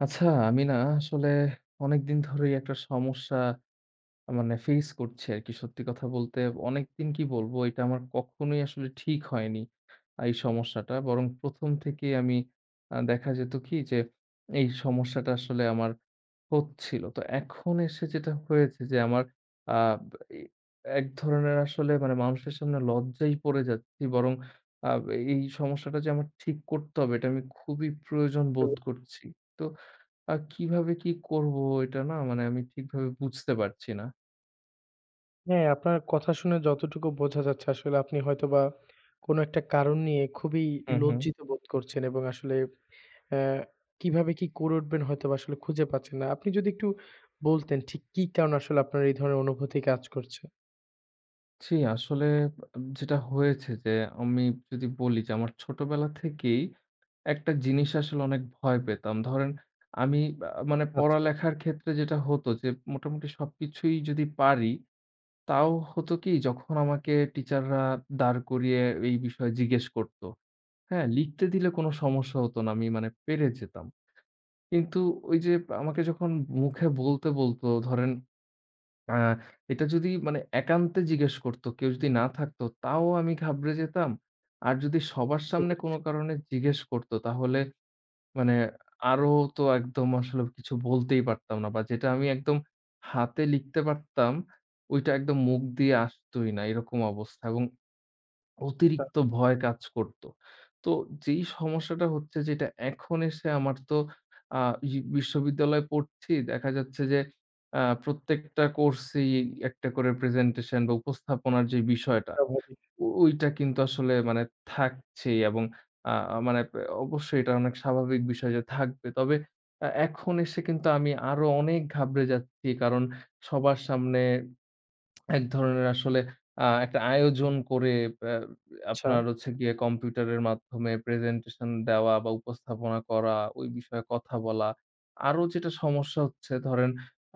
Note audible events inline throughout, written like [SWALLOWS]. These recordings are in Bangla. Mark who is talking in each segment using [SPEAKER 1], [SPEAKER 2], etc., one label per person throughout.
[SPEAKER 1] আচ্ছা, আমি না আসলে অনেক দিন ধরেই, একটা সমস্যা মানে ফেইস করছি আরকি। সত্যি কথা বলতে, অনেকদিন কি বলবো, এইটা আমার কখনোই আসলে ঠিক হয়নি। এই সমস্যাটা। বরং ১ম থেকেই আমি আ দেখা যেত কি যে, এই সমস্যাটা আসলে আমার হচ্ছিল। তো এখন এসে যেটা হয়েছে যে, আমার আ এক ধরনের আসলে মানুষের সামনে লজ্জায় পড়ে যাচ্ছি। বরং আ এই সমস্যাটা যে আমার ঠিক করতে হবে, এটা আমি খুবই প্রয়োজন
[SPEAKER 2] হুম।
[SPEAKER 1] বোধ করছি। তো আ কিভাবে কি করব, এটা না মানে, আমি ঠিকভাবে বুঝতে পারছি না।
[SPEAKER 2] হ্যাঁ, আপনার কথা শুনে যতটুকু বোঝা যাচ্ছে, আসলে আপনি হয়তোবা, কোনো একটা কারণ নিয়ে, খুবই
[SPEAKER 1] হু, হু।
[SPEAKER 2] লজ্জিত বোধ করছেন এবং আসলে এ কিভাবে কি করে উঠবেন, হয়তোবা আসলে খুঁজে পাচ্ছেন না। আপনি যদি একটু বলতেন, ঠিক কি কারণে আসলে আপনার এই ধরনের অনুভূতি কাজ করছে।
[SPEAKER 1] জ্বী। আসলে যেটা হয়েছে যে, আমি যদি বলি যে, আমার ছোটবেলা থেকেই একটা জিনিস আসলে অনেক ভয় পেতাম। ধরেন, আমি আ মানে
[SPEAKER 2] আচ্ছা।
[SPEAKER 1] পড়ালেখার ক্ষেত্রে যেটা হতো যে, মোটামুটি সবকিছুই যদি পারি, তাও হতো কি, যখন আমাকে টিচাররা দাঁড় করিয়ে এই বিষয়ে জিজ্ঞেস করত। হ্যাঁ, লিখতে দিলে কোনো সমস্যা হত না। আমি মানে পেরে যেতাম। কিন্তু ওইযে আমাকে যখন মুখে বলতে বলতো, ধরেন আ এটা যদি মানে একান্তে জিজ্ঞেস করত, কেউ যদি না থাকতো, তাও আমি ঘাবড়ে যেতাম। আর যদি সবার
[SPEAKER 2] বুঝতে
[SPEAKER 1] সামনে
[SPEAKER 2] পেরেছি।
[SPEAKER 1] কোনো কারণে জিজ্ঞেস করত, তাহলে মানে আরো তো একদম, আসলে কিছু বলতেই পারতাম না। বা যেটা আমি একদম হাতে লিখতে পারতাম, ঐটা একদম মুখ দিয়ে আসতই না, এরকম অবস্থা এবং
[SPEAKER 2] আচ্ছা।
[SPEAKER 1] অতিরিক্ত ভয় কাজ করত। তো যেই সমস্যাটা হচ্ছে যেটা, এখন এসে আমার তো আ বি বিশ্ববিদ্যালয়ে পড়ছি। দেখা যাচ্ছে যে, আ প্রত্যেকটা কোর্সই একটা করে প্রেজেন্টেশন বা উপস্থাপনার যে বিষয়টা,
[SPEAKER 2] স্বাভাবিক।
[SPEAKER 1] ওইটা কিন্তু আসলে মানে থাকছেই এবং আ মানে অবশ্যই এটা অনেক স্বাভাবিক বিষয় যে, থাকবে। তবে এ এখন এসে কিন্তু আমি আরো অনেক ঘাবড়ে যাচ্ছি, কারণ সবার সামনে [SMACKS LIPS] এক ধরনের আসলে আ একটা আয়োজন করে ব্য আপনার
[SPEAKER 2] আচ্ছা।
[SPEAKER 1] হচ্ছে গিয়ে, কম্পিউটারের মাধ্যমে প্রেজেন্টেশন দেওয়া বা উপস্থাপনা করা, ওই বিষয়ে কথা বলা। আরো যেটা সমস্যা হচ্ছে ধরেন,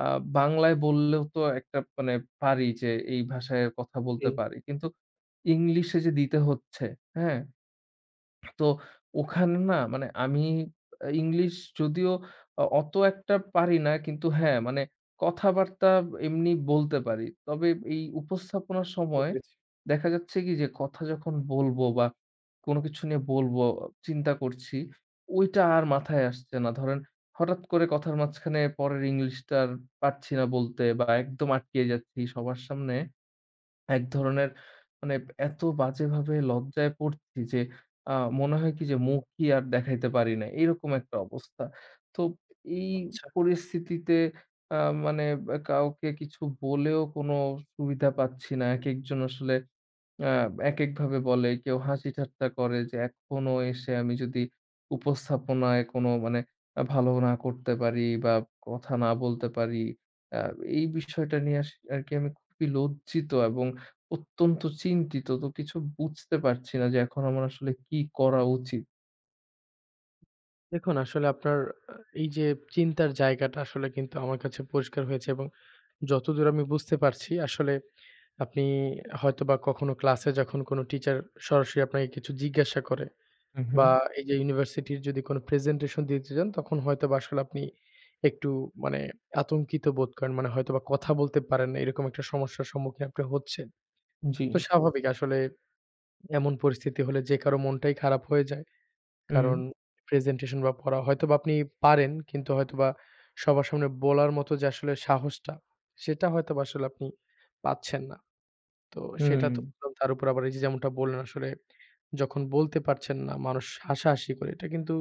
[SPEAKER 1] আ বাংলায় বললেও তো একটা মানে পারি যে, এই ভাষায় কথা বলতে
[SPEAKER 2] জি।
[SPEAKER 1] পারি। কিন্তু ইংলিশে যে দিতে হচ্ছে, হ্যাঁ। তো ওখানে না মানে, আমি আ ইংলিশ যদিও অ অত একটা পারি না, কিন্তু হ্যাঁ, মানে কথাবার্তা এমনি বলতে পারি। তবে, এই উপস্থাপনার
[SPEAKER 2] বুঝতে
[SPEAKER 1] সময়
[SPEAKER 2] পেরেছি।
[SPEAKER 1] দেখা যাচ্ছে কি যে, কথা যখন বলব বা কোনো কিছু নিয়ে বলবো, চিন্তা করছি, ঐটা আর মাথায় আসছে না। ধরেন হঠাৎ করে কথার মাঝখানে পরের ইংলিশটা পাচ্ছি না বলতে বা একদম আটকিয়ে যাচ্ছি সবার সামনে। এক
[SPEAKER 2] হু।
[SPEAKER 1] ধরনের মানে, এত বাজেভাবে লজ্জায় পড়ছি যে, আ মনে হয় কি যে, মুখই আর দেখাইতে পারি না। এরকম একটা অবস্থা। তো এই
[SPEAKER 2] আচ্ছা।
[SPEAKER 1] পরিস্থিতিতে আ মানে আ কাউকে কিছু বলেও, কোন সুবিধা পাচ্ছি না। একেকজন আসলে আ একেকভাবে বলে, কেউ হাসি-ঠাট্টা করে যে এখনো এসে আমি যদি উপস্থাপনায় কোনো মানে ভালো না করতে পারি বা কথা না বলতে পারি, আ এই বিষয়টা নিয়ে আস আরকি আমি খুবই লজ্জিত এবং অত্যন্ত চিন্তিত, তো কিছু বুঝতে পারছি না যে, এখন আমার আসলে কি করা উচিত।
[SPEAKER 2] দেখুন আসলে আপনার আ এইযে চিন্তার জায়গাটা আসলে কিন্তু আমার কাছে পরিষ্কার হয়েছে এবং যতদূর আমি বুঝতে পারছি আসলে আপনি হয়তোবা কখনো ক্লাসে যখন কোনো টিচার সরাসরি আপনাকে কিছু জিজ্ঞাসা করে
[SPEAKER 1] হুম, হুম।
[SPEAKER 2] বা এইযে ইউনিভার্সিটির যদি কোন প্রেজেন্টেশন দিতে চান তখন হয়তোবা আসলে আপনি একটু মানে আতঙ্কিত বোধ করেন মানে হয়তোবা কথা বলতে পারেন না। এরকম একটা সমস্যার সম্মুখীন আপনি হচ্ছেন।
[SPEAKER 1] জ্বী।
[SPEAKER 2] তো স্বাভাবিক আসলে এমন পরিস্থিতি হলে যে কারো মনটাই খারাপ হয়ে যায়।
[SPEAKER 1] হুম।
[SPEAKER 2] কারণ প্রেজেন্টেশন বা পড়া হয়তোবা আপনি পারেন কিন্তু হয়তোবা সবার সামনে বলার মত যে আসলে সাহসটা সেটা হয়তোবা আসলে আপনি পাচ্ছেন না। তো সেটা
[SPEAKER 1] হুম।
[SPEAKER 2] তো তার উপর আবার এইযে যেমনটা বললেন আসলে যখন বলতে পারছেন না মানুষ হাসাহাসি করে। এটা কিন্তু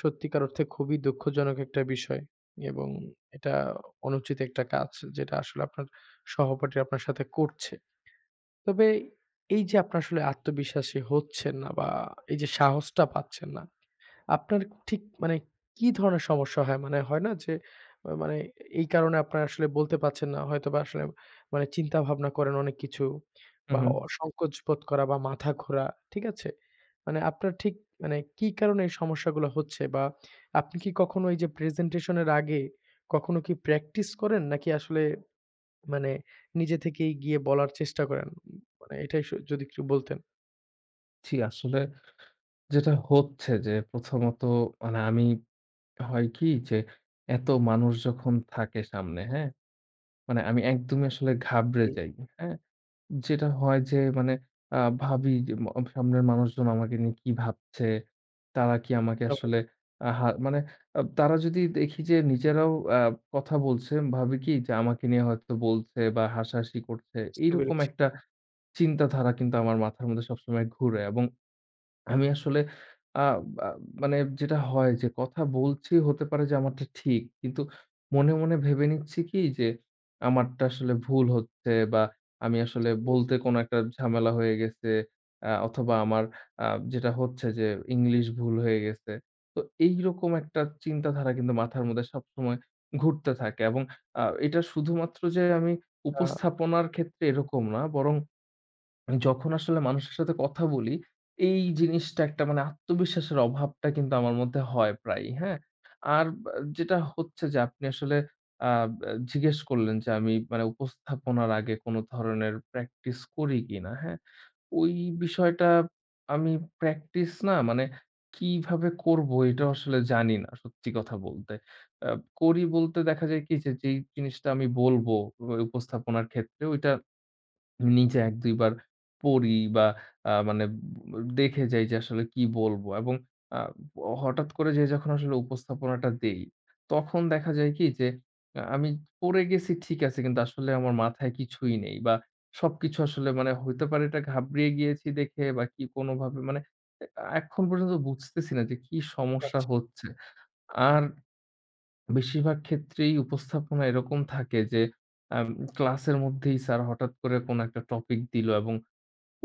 [SPEAKER 2] সত্যিকার অর্থে খুবই দুঃখজনক একটা বিষয়। এবং এটা অনুচিত একটা কাজ যেটা আসলে আপনার সহপাঠীরা আপনার সাথে করছে। তবে এইযে আপনারা আসলে আত্মবিশ্বাসী হচ্ছেন না বা এই যে সাহসটা পাচ্ছেন না। আপনার ঠিক মানে কি ধরনের সমস্যা হয়? মানে হয় না যে মানে এই কারণে আপনারা আসলে বলতে পারছেন না। হয়তোবা আসলে মানে চিন্তাভাবনা করেন অনেক কিছু
[SPEAKER 1] হু,
[SPEAKER 2] বা
[SPEAKER 1] হু।
[SPEAKER 2] সংকোচ বোধ করা বা মাথা ঘোরা, ঠিক আছে? মানে আপনার ঠিক মানে কি কারণে এই সমস্যাগুলো হচ্ছে বা আপনি কি কখনো এই যে প্রেজেন্টেশন এর আগে কখনো কি প্র্যাকটিস করেন নাকি আসলে মানে নিজে থেকেই গিয়ে বলার চেষ্টা করেন। মানে এটাই স যদি একটু বলতেন।
[SPEAKER 1] জি আসলে, যেটা হচ্ছে যে প্রথমত মানে আমি হয় কী যে এত মানুষ যখন থাকে সামনে, হ্যাঁ? মানে আমি একদমই আসলে ঘাবড়ে
[SPEAKER 2] ই
[SPEAKER 1] যাই, হ্যাঁ? যেটা হয় যে মানে আ ভাবি যে ম আ সামনের মানুষজন আমাকে নিয়ে কী ভাবছে। তারা কী আমাকে
[SPEAKER 2] [UNINTELLIGIBLE]
[SPEAKER 1] আসলে আ হা মানে আ তারা যদি দেখি যে নিজেরাও আ কথা বলছেন ভাবি কী যে আমাকে নিয়ে হয়তো বলছে বা হাসাহাসি করছে
[SPEAKER 2] বুঝতে
[SPEAKER 1] এরকম
[SPEAKER 2] পেরেছি।
[SPEAKER 1] একটা চিন্তাধারা কিন্তু আমার মাথার মধ্যে সবসময় ঘুরে এবং আমি আসলে আ আব মানে যেটা হয় যে কথা বলছি হতে পারে যে আমারটা ঠিক। কিন্তু মনে, মনে, ভেবে নিচ্ছি কী যে আমারটা আসলে ভুল হচ্ছে বা আমি আসলে
[SPEAKER 2] বুঝতে পেরেছি।
[SPEAKER 1] বলতে কোনো একটা ঝামেলা হয়ে গেছে অ্যা অথবা আমার আ যেটা হচ্ছে যে ইংলিশ ভুল হয়ে গেছে। তো এই রকম একটা চিন্তাধারা কিন্তু মাথার মধ্যে সবসময় ঘুরতে থাকে। এবং আ এটা শুধুমাত্র যে আমি
[SPEAKER 2] হা
[SPEAKER 1] উপস্থাপনার ক্ষেত্রে এরকম না বরং [SWALLOWS] যখন আসলে মানুষের সাথে কথা বলি এই জিনিসটা একটা মানে আত্মবিশ্বাসের অভাবটা কিন্তু আমার মধ্যে হয় প্রায়ই, হ্যাঁ? আর ব্যা যেটা হচ্ছে যে আপনি আসলে আব আ জিজ্ঞেস করলেন যে আমি মানে উপস্থাপনার আগে কোনো ধরনের প্র্যাকটিস করি কিনা, হ্যাঁ? ওই বিষয়টা আমি প্র্যাকটিস না মানে কীভাবে করব এটাও আসলে জানি না সত্যি কথা বলতে। অ্যাব করি বলতে দেখা যায় কী যে যেই জিনিসটা আমি বলব অই উপস্থাপনার ক্ষেত্রে ওইটা নিজে ১-২ বার পড়ি বা আ মানে ব দেখে যাই যে আসলে কী বলবো এবং আ হঠাৎ করে যে যখন আসলে উপস্থাপনাটা দেই তখন দেখা যায় কী যে আ আমি পড়ে গেছি ঠিক আছে কিন্তু আসলে আমার মাথায় কিছুই নেই। বা সবকিছু আসলে মানে হইতে পারে এটা ঘাবড়িয়ে গিয়েছি দেখে বা কী কোনোভাবে মানে আ এখন পর্যন্ত বুঝতেছি না যে কী সমস্যা
[SPEAKER 2] আচ্ছা।
[SPEAKER 1] হচ্ছে। আর বেশিরভাগ ক্ষেত্রেই উপস্থাপনা এরকম থাকে যে আ ক্লাসের মধ্যেই স্যার হঠাৎ করে কোনো একটা টপিক দিল এবং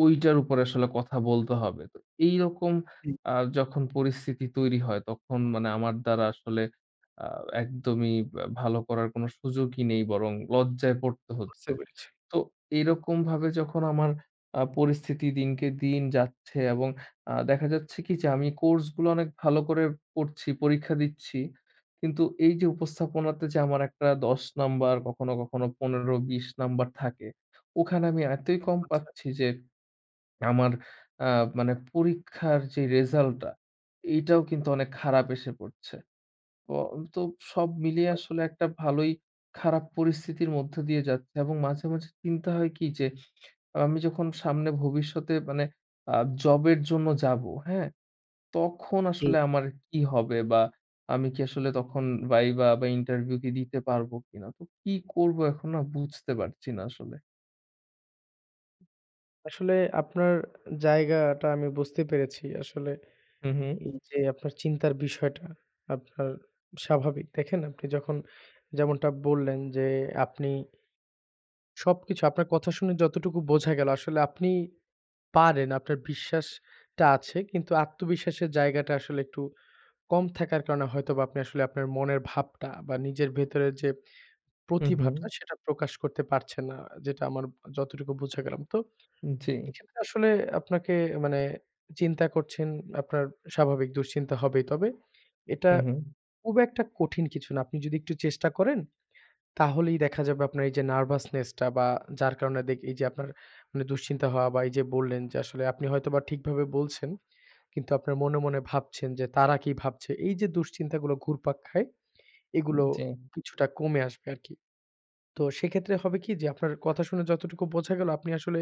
[SPEAKER 1] ঐটার উপরে আসলে কথা বলতে হবে। তো এইরকম
[SPEAKER 2] হুম।
[SPEAKER 1] আ যখন পরিস্থিতি তৈরি হয় তখন মানে আমার দ্বারা আসলে আ একদমই ইব ভালো করার কোনো সুযোগই নেই বরং লজ্জায় পড়তে
[SPEAKER 2] বুঝতে
[SPEAKER 1] হচ্ছে।
[SPEAKER 2] পেরেছি।
[SPEAKER 1] তো এরকমভাবে যখন আমার আ পরিস্থিতি দিনকে দিন যাচ্ছে এবং আ দেখা যাচ্ছে কী যে আমি কোর্সগুলো অনেক ভালো করে পড়ছি, পরীক্ষা দিচ্ছি। কিন্তু এই যে উপস্থাপনাতে যে আমার একটা ১০ নাম্বার কখনো, কখনো ১৫-২০ নাম্বার থাকে ওখানে আমি এতই কম
[SPEAKER 2] আচ্ছা।
[SPEAKER 1] পাচ্ছি যে আমার আ মানে পরীক্ষার যে রেজাল্টটা এইটাও কিন্তু অনেক খারাপ এসে পড়ছে। অও তো সব মিলিয়ে আসলে একটা ভালোই খারাপ পরিস্থিতির মধ্য দিয়ে যাচ্ছে এবং মাঝে, মাঝে চিন্তা হয় কী যে আমি যখন সামনে ভবিষ্যতে মানে আ জবের জন্য যাব, হ্যাঁ? তখন
[SPEAKER 2] উ
[SPEAKER 1] আসলে আমার কী হবে বা আমি কী আসলে তখন ভাইবা বা ইন্টারভিউ দিতে পারব কিনা? তো কী করব এখন না বুঝতে পারছি না আসলে।
[SPEAKER 2] আসলে আপনার জায়গাটা আমি বুঝতে পেরেছি। আসলে
[SPEAKER 1] হুম, হু।
[SPEAKER 2] এইযে, আপনার চিন্তার বিষয়টা আপনার স্বাভাবিক। দেখেন আপনি যখন যেমনটা বললেন যে, আপনি সবকিছু আপনার কথা শুনে যতটুকু বোঝা গেলো আসলে আপনি পারেন, আপনার বিশ্বাসটা আছে। কিন্তু আত্মবিশ্বাসের জায়গাটা আসলে একটু কম থাকার কারণে হয়তোবা আপনি আসলে আপনার মনের ভাবটা বা নিজের ভেতরের যে
[SPEAKER 1] হুম,
[SPEAKER 2] প্রতিভাটা
[SPEAKER 1] হুম।
[SPEAKER 2] সেটা প্রকাশ করতে পারছেন না, যেটা আমার যতটুকু বুঝা গেলাম। তো
[SPEAKER 1] জ্বী।
[SPEAKER 2] এখানে আসলে আপনাকে মানে চিন্তা করছেন আপনার স্বাভাবিক দুশ্চিন্তা হবেই, তবে এটা
[SPEAKER 1] হুম, হুম।
[SPEAKER 2] খুব একটা কঠিন কিছু না, আপনি যদি একটু চেষ্টা করেন তাহলেই দেখা যাবে আপনার এইযে নার্ভাসনেসটা বা যার কারণে দিক এইযে আপনার দুশ্চিন্তা হওয়া বা এইযে বললেন যে আসলে আপনি হয়তোবা ঠিকভাবে বলছেন, কিন্তু আপনার মনে, মনে ভাবছেন যে তারা কি ভাবছে? এইযে দুশ্চিন্তাগুলো ঘুরপাক খায়, এগুলো
[SPEAKER 1] জ্বী।
[SPEAKER 2] কিছুটা কমে আসবে আরকি। তো সেক্ষেত্রে হবে কি যে, আপনার কথা শুনে যতটুকু বোঝা গেলো, আপনি আসলে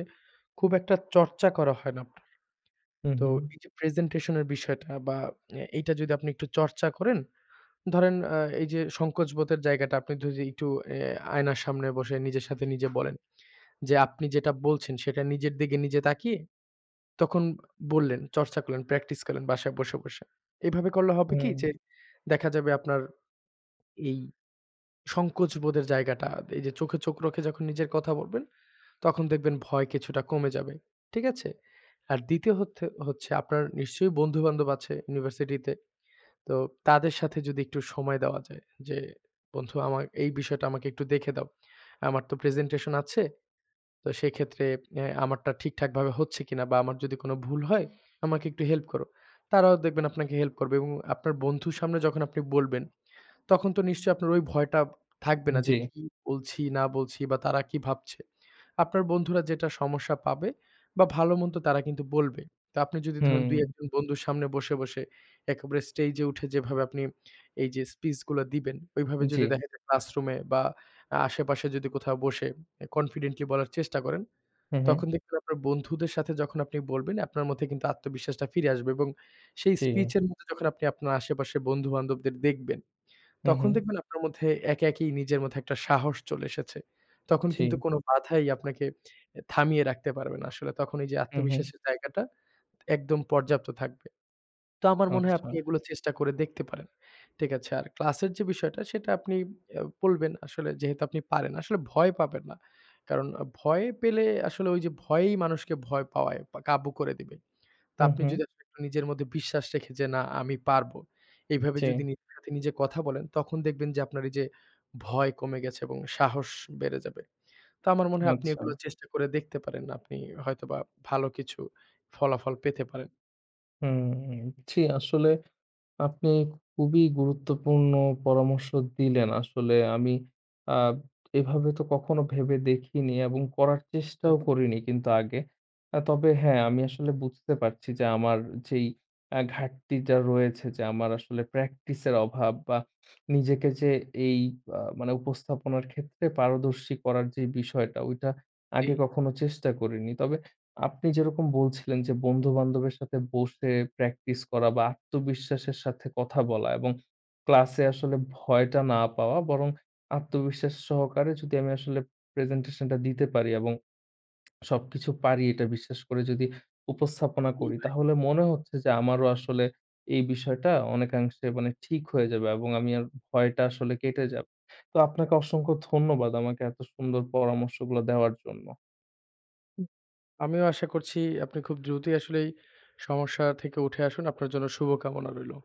[SPEAKER 2] খুব একটা চর্চা করা হয় না আপনার।
[SPEAKER 1] হুম,
[SPEAKER 2] তো
[SPEAKER 1] হুম।
[SPEAKER 2] এইযে প্রেজেন্টেশনের বিষয়টা বা এ এইটা যদি আপনি একটু চর্চা করেন, ধরেন অ্যা এইযে সংকোচ বোধের জায়গাটা আপনি যদি একটু অ্যা আয়নার সামনে বসে নিজের সাথে নিজে বলেন যে, আপনি যেটা বলছেন সেটা নিজের দিকে নিজে তাকিয়ে তখন বললেন, চর্চা করলেন, প্র্যাকটিস করলেন, বাসায় বসে, বসে। এইভাবে করলে হবে কি যে,
[SPEAKER 1] উম।
[SPEAKER 2] দেখা যাবে আপনার এই সংকোচ বোধের জায়গাটা, এইযে চোখে চোখ রেখে যখন নিজের কথা বলবেন, তখন দেখবেন ভয় কিছুটা কমে যাবে, ঠিক আছে। আর ২য় হত হচ্ছে আপনার নিশ্চয় বন্ধুবান্ধব আছে ইউনিভার্সিটিতে, তো তাদের সাথে যদি একটু সময় দেওয়া যায় যে, বন্ধু আমা এই বিষয়টা আমাকে একটু দেখে দাও, আমার তো প্রেজেন্টেশন আছে, তো সেক্ষেত্রে অ্যা আমারটা ঠিকঠাকভাবে হচ্ছে কিনা? বা আমার যদি কোনো ভুল হয়, আমাকে একটু হেল্প করো। তারাও দেখবেন আপনাকে হেল্প করবে এবং আপনার বন্ধুর সামনে যখন আপনি বলবেন, তখন তো নিশ্চয়ই আপনার ওই ভয়টা থাকবে না যে,
[SPEAKER 1] জ্বী।
[SPEAKER 2] কি বলছি না বলছি? বা তারা কি ভাবছে? আপনার বন্ধুরা যেটা সমস্যা পাবে বা ভালো-মন্দ তারা কিন্তু বলবে। তা আপনি যদি ধরেন
[SPEAKER 1] হুম।
[SPEAKER 2] ২-১জন বন্ধুর সামনে বসে, বসে একেবারে স্টেজে উঠে যেভাবে আপনি এইযে স্পিচ গুলা দিবেন, ওইভাবে
[SPEAKER 1] জ্বী।
[SPEAKER 2] যদি দেখা যায় ক্লাসরুমে বা আ আশেপাশে যদি কোথাও বসে অ্যা কনফিডেন্টলি বলার চেষ্টা করেন,
[SPEAKER 1] হুম, হু।
[SPEAKER 2] তখন দেখবেন আপনার বন্ধুদের সাথে যখন আপনি বলবেন, আপনার মধ্যে কিন্তু আত্মবিশ্বাসটা ফিরে আসবে এবং সেই স্পিচ
[SPEAKER 1] জ্বী।
[SPEAKER 2] এর মধ্যে যখন আপনি আপনার আশেপাশের বন্ধুবান্ধবদের দেখবেন,
[SPEAKER 1] হুম,
[SPEAKER 2] তখন
[SPEAKER 1] হু।
[SPEAKER 2] দেখবেন আপনার মধ্যে একা একাই নিজের মধ্যে একটা সাহস চলে এসেছে। তখন কিন্তু
[SPEAKER 1] জ্বী।
[SPEAKER 2] কোনো বাধাই আপনাকে থামিয়ে রাখতে পারবেন না আসলে। তখন ওইযে
[SPEAKER 1] হুম, হু।
[SPEAKER 2] আত্মবিশ্বাসের জায়গাটা একদম পর্যাপ্ত থাকবে। তো আমার মনে হয় আপনি
[SPEAKER 1] আচ্ছা।
[SPEAKER 2] এগুলো চেষ্টা করে দেখতে পারেন, ঠিক আছে। আর ক্লাসের যে বিষয়টা সেটা আপনি অ্যা বলবেন আসলে যেহেতু আপনি পারেন। আসলে ভয় পাবেন না, কারণ ভয় পেলে আসলে ওইযে ভয়েই মানুষকে ভয় পাওয়ায় বা কাবু করে দিবে। তো
[SPEAKER 1] হুম,
[SPEAKER 2] আপনি
[SPEAKER 1] হু।
[SPEAKER 2] যদি আসলে একটু নিজের মধ্যে বিশ্বাস রেখে যে, না আমি পারবো। এভাবে
[SPEAKER 1] জ্বী।
[SPEAKER 2] যদি নিজের সাথে নিজে কথা বলেন, তখন দেখবেন যে আপনার এইযে ভয় কমে গেছে এবং সাহস বেড়ে যাবে। তো আমার মনে হয় আপনি এগুলো
[SPEAKER 1] আচ্ছা।
[SPEAKER 2] চেষ্টা করে দেখতে পারেন, আপনি হয়তোবা ভালো কিছু ফলাফল পেতে পারেন।
[SPEAKER 1] হুম ছি। আসলে, আপনি খুবই গুরুত্বপূর্ণ পরামর্শ দিলেন। আসলে আমি, আ এভাবে তো, কখনো ভেবে দেখিনি এবং করার
[SPEAKER 2] আ
[SPEAKER 1] চেষ্টাও করিনি কিন্তু আগে। আ তবে হ্যাঁ, আমি আসলে বুঝতে পারছি যে, আমার যেই আ ঘাটতিটা রয়েছে, যে আমার আসলে প্র্যাকটিসের অভাব, বা নিজেকে যে, এই আ মানে উপস্থাপনার ক্ষেত্রে পারদর্শী করার যে বিষয়টা, ওইটা আগে
[SPEAKER 2] জি।
[SPEAKER 1] কখনো চেষ্টা করিনি। তবে, আপনি যেরকম বলছিলেন যে, বন্ধুবান্ধবের সাথে বসে প্র্যাকটিস করা বা আত্মবিশ্বাসের সাথে কথা বলা এবং ক্লাসে আসলে ভয়টা না পাওয়া, বরং আত্মবিশ্বাস সহকারে যদি আমি আসলে প্রেজেন্টেশন টা দিতে পারি এবং সবকিছু পারি, এটা বিশ্বাস করে যদি উপস্থাপনা
[SPEAKER 2] জ্বি,
[SPEAKER 1] করি,
[SPEAKER 2] ভাই।
[SPEAKER 1] তাহলে মনে হচ্ছে যে, আমারও আসলে এই বিষয়টা অনেকাংশে মানে, ঠিক হয়ে যাবে এবং আমি আর ভয়টা আসলে কেটে যাবে। তো, আপনাকে অসংখ্য ধন্যবাদ আমাকে এত সুন্দর পরামর্শগুলো দেওয়ার জন্য।
[SPEAKER 2] উ আমিও আশা করছি, আপনি খুব দ্রুতই আসলেই সমস্যা থেকে উঠে আসুন। আপনার জন্য শুভ কামনা রইলো।